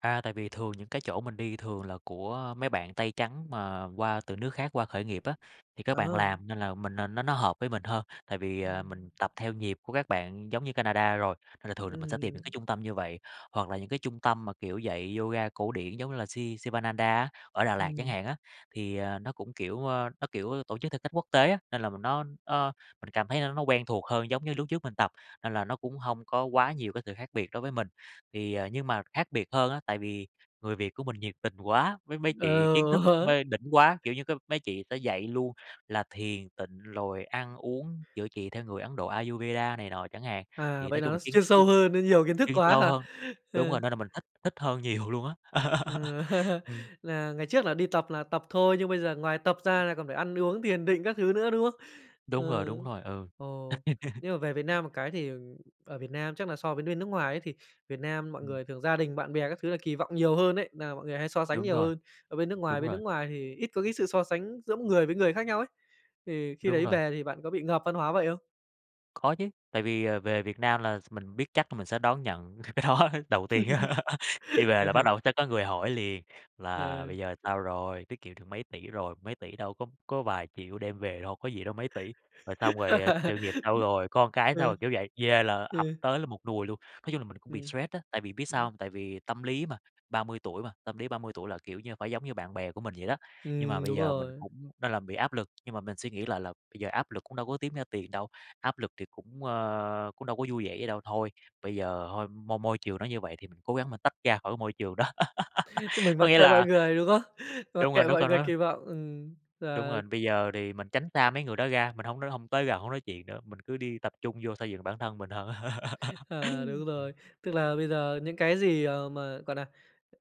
A, tại vì thường những cái chỗ mình đi thường là của mấy bạn tây trắng mà qua từ nước khác qua khởi nghiệp á, thì các bạn Ờ. làm nên là mình n nó nó hợp với mình hơn, tại vì, ờ, mình Ừm. tập theo nhịp của các bạn giống như Canada rồi, nên là thường là mình sẽ tìm những Ừm. cái trung tâm như vậy. Hoặc là những cái trung tâm mà, kiểu, dạy yoga cổ điển giống như là Si Sivananda á, ở Đà Lạt chẳng Ừm. hạn á, thì, à, nó cũng, kiểu, ơ, nó, kiểu, tổ chức theo cách quốc tế á, nên là mình nó nó mình cảm thấy nó nó quen thuộc hơn giống như lúc trước mình tập, nên là nó cũng hông có quá nhiều cái sự khác biệt đối với mình. Thì, à, nhưng mà khác biệt hơn á, tại vì người Việt của mình nhiệt tình quá, với mấy chị kiến thức Ừ. mê đỉnh quá, kiểu như, mấy chị sẽ dạy luôn là thiền tịnh rồi ăn uống, chữa trị theo người Ấn Độ Ayurveda này nọ chẳng hạn, À, thì nói vậy là chung là nó s kiến chuyên thức sâu [unintelligible] hơn, nó nhiều kiến thức chuyên quá sâu hả? hơn đúng Ờ. rồi, nên là mình thích thích hơn nhiều luôn á. Ừm, Ừm. là ngày trước là đi tập là tập thôi nhưng bây giờ ngoài tập ra là còn phải ăn uống thiền định các thứ nữa, đúng không? Đúng rồi, Ừ. đúng rồi, ừ. Ồ. Nhưng mà về Việt Nam một cái thì, ờ, ở Việt Nam chắc là so với bên nước ngoài ấy, thì Việt Nam mọi Ừm. người thường gia đình, bạn bè các thứ là kỳ vọng nhiều hơn ấy. Nà mọi người hay so sánh Đúng nhiều rồi. hơn ở bên nước ngoài, Đúng bên nước rồi. ngoài thì ít có cái sự so sánh giữa người với người khác nhau ấy, thì khi Đúng đấy rồi. về thì bạn có bị ngợp văn hóa vậy không? Có chứ, tại vì, à, về Việt Nam là s mình biết chắc là mình sẽ đón nhận cái đó đầu tiên. Đi về là bắt đầu tới có người hỏi liền là Ờ. "Bây giờ sao rồi? Tiết kiệm được mấy tỷ rồi?" Mấy tỷ đâu có có vài triệu đem về đâu có gì đâu mấy tỷ, rồi xong rồi "Sự nghiệp sao rồi? Con cái sao Ừ. rồi?", kiểu vậy, về là ập Ừ. tới là một nùi luôn. Nói chung là mình cũng bị Ừm. stress á, tại vì biết sao hông? Tại vì tâm lý mà, 30 tuổi mà, tâm lý 30 tuổi là, kiểu như, phải giống như bạn bè của mình vậy đó, nhưng mà Ừm, bây đúng giờ mình rồi. cũng nên là bị áp lực. Nhưng mà mình suy nghĩ lại là bây giờ áp lực cũng đâu có kiếm ra tiền đâu, áp lực thì cũng, ơ, cũng đâu có vui vẻ gì đâu, thôi, bây giờ thôi, môi môi trường nó như vậy thì cố gắng mà tách ra khỏi cái môi trường đó. Mình Có mặc nghĩa kệ mọi là người, đúng không? Mặc đúng rồi, kệ đúng mọi rồi người đó. kỳ vọng, ừm, Đúng ờ. rồi, bây giờ thì mình tránh xa mấy người đó ra, mình hổng r hông tới gần, hổng nói chuyện nữa, mình cứ đi tập trung vô xây dựng bản thân mình hơn. À, đúng rồi, [unintelligible] tức là bây giờ những cái gì, ờ, mà, gọi là,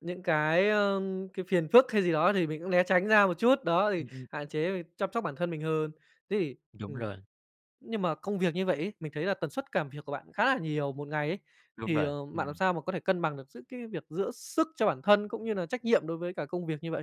những cái, ơ, cái phiền phức hay gì đó thì mình cũng né tránh ra một chút, đó thì Ừm, ừm. hạn chế, chăm sóc bản thân mình hơn. Thế thì, Đúng ừm, rồi. nhưng mà công việc như vậy ấy, mình thấy là tần suất cảm việc của bạn khá là nhiều một ngày ấy, Đúng thì, rồi, ờ, bạn làm ừm. sao mà có thể cân bằng được giữa cái việc giữ sức cho bản thân cũng như là trách nhiệm đối với cả công việc như vậy?